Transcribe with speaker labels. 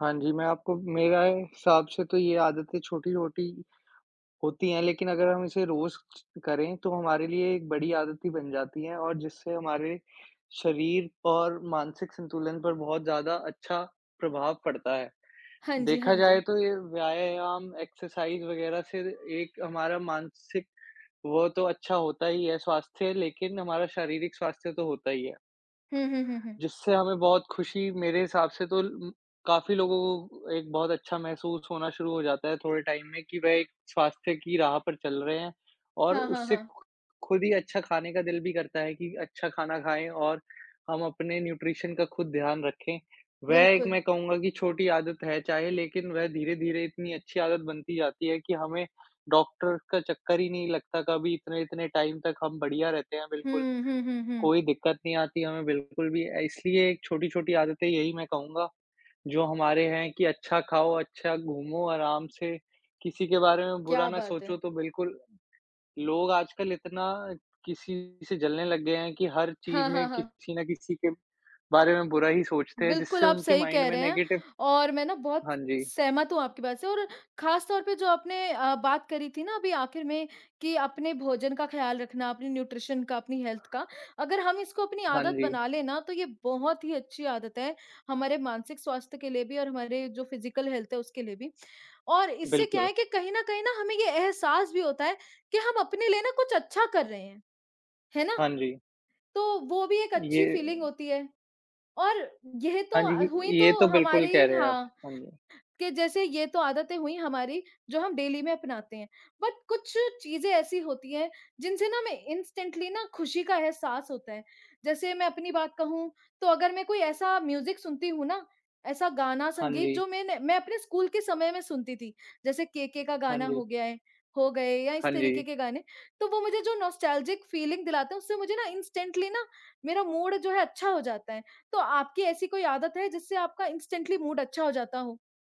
Speaker 1: हाँ जी, मैं आपको मेरा ए हिसाब से तो ये आदतें छोटी-छोटी होती हैं, लेकिन अगर हम इसे रोज ज करें तो हमारे लिए एक बड़ी आदत ही बन जाती हैं और जिससे हमारे शरीर और मानसिक संतुलन पर बहुत ज़्यादा अच्छा प्रभाव पड़ता है।
Speaker 2: हाँ जी, हाँ
Speaker 1: देखा जाए
Speaker 2: जी।
Speaker 1: तो ये व्यायाम, एक्सरसाइज़ वग़ैरह से एक हमारा मानसिक वो तो अच्छा होता ही है स्वास्थ्य, लेकिन हमारा शारीरिक स्वास्थ्य तो होता ही है।
Speaker 2: हुँ, हुँ, हुँ, हुँ।
Speaker 1: जिससे हमें बहुत खुशी मेरे हिसाब से तो ल उम, काफ़ी लोगों को एक बहुत अच्छा महसूस होना शुरू हो जाता है, थोड़े टाइम में कि वह एक स्वास्थ्य की राह पर चल रहे हैं और
Speaker 2: हाँ, हाँ,
Speaker 1: उससे
Speaker 2: हाँ।
Speaker 1: खुद ही अच्छा खाने का दिल भी करता है, कि अच्छा खाना खाए और हम अपने न्यूट्रिशन का खुद ध्यान रखे। वह एक
Speaker 2: बिल्कुल।
Speaker 1: मैं कहूँगा कि छोटी आदत है चाहे, लेकिन वह धीरे-धीरे इतनी अच्छी आदत बनती जाती है, कि हमें डॉक्टर का चक्कर ही नहीं लगता कभी इतने-इतने टाइम तक हम बढ़िया रहते हैं, बिल्कुल।
Speaker 2: हुँ, हुँ, हुँ, हुँ।
Speaker 1: कोई दिक्कत नहीं आती हमें बिल्कुल भी अ, इसलिए छोटी-छोटी आदतें यही मैं कहूँगा जो हमारे है कि अच्छा खाओ, अच्छा घूमो आराम से किसी के बारे में बुरा
Speaker 2: क्या
Speaker 1: ना
Speaker 2: बात है।
Speaker 1: सोचो तो बिल्कुल लोग आजकल इतना किसी से जलने लग गए हैं, कि हर चीज़
Speaker 2: हाँ, हाँ,
Speaker 1: में
Speaker 2: हाँ।
Speaker 1: किसी न किसी के बारे में बुरा ही सोचते हैं,
Speaker 2: बिल्कुल,
Speaker 1: जिससे
Speaker 2: आप
Speaker 1: उनके
Speaker 2: सही
Speaker 1: माइंड
Speaker 2: कह
Speaker 1: में
Speaker 2: रहे हैं
Speaker 1: नेगेटिव
Speaker 2: और मैं ना बहुत
Speaker 1: हाँ जी।
Speaker 2: सहमत हूँ आपकी बात से और ख़ासतौर पे जो आपने अ, बात करी थी ना अभी आखिर में कि अपने भोजन का ख़्याल रखना, अपनी न्यूट्रिशन का, अपनी हेल्थ का, अगर हम इसको अपनी
Speaker 1: हाँ
Speaker 2: आदत
Speaker 1: जी।
Speaker 2: बना लें ना तो ये बहुत ही अच्छी आदत है, हमारे मानसिक स्वास्थ्य के लिए भी और हमारे जो फिजिकल हेल्थ है उसके लिए भी। और इससे क्या
Speaker 1: बिल्कुल।
Speaker 2: है कि कहीं न कहीं ना हमें ये एहसास भी होता है कि हम अपने लिए ना कुछ अच्छा कर रहे हैं, है ना?
Speaker 1: हाँ जी।
Speaker 2: तो वो भी एक अच्छी फ़ीलिंग
Speaker 1: ये
Speaker 2: होती है, और यह
Speaker 1: हाँ
Speaker 2: तो अ,
Speaker 1: जी,
Speaker 2: हुई
Speaker 1: ये
Speaker 2: तो
Speaker 1: तो बिल्कुल कह
Speaker 2: हमारी
Speaker 1: रहे हैं आप।
Speaker 2: हाँ,
Speaker 1: हाँ जी।
Speaker 2: कि जैसे ये तो आदतें हुई हमारी जो हम डेली में अपनाते हैं, बट कुछ चीज़ें ऐसी होती हैं, जिनसे ना हमें इंस्टेंटली ना खुशी का एहसास होता है। जैसे मैं अपनी बात कहूँ तो अगर मैं कोई ऐसा म्यूजिक सुनती हूँ ना, ऐसा गाना,
Speaker 1: हाँ
Speaker 2: संगीत
Speaker 1: जी।
Speaker 2: जो मैंने मैं अपने स्कूल के समय में सुनती थी, जैसे केके का
Speaker 1: हाँ
Speaker 2: गाना
Speaker 1: जी।
Speaker 2: हो गया है हो गए या इस
Speaker 1: हाँ
Speaker 2: तरीके
Speaker 1: जी।
Speaker 2: के गाने तो वो मुझे जो नॉस्टेल्जिक फ़ीलिंग दिलाते हैं, उससे मुझे ना इंस्टेंटली ना, मेरा मूड जो है अच्छा हो जाता है। तो आपकी ऐसी कोई आदत है जिससे आपका इंस्टेंटली मूड अच्छा हो जाता हो?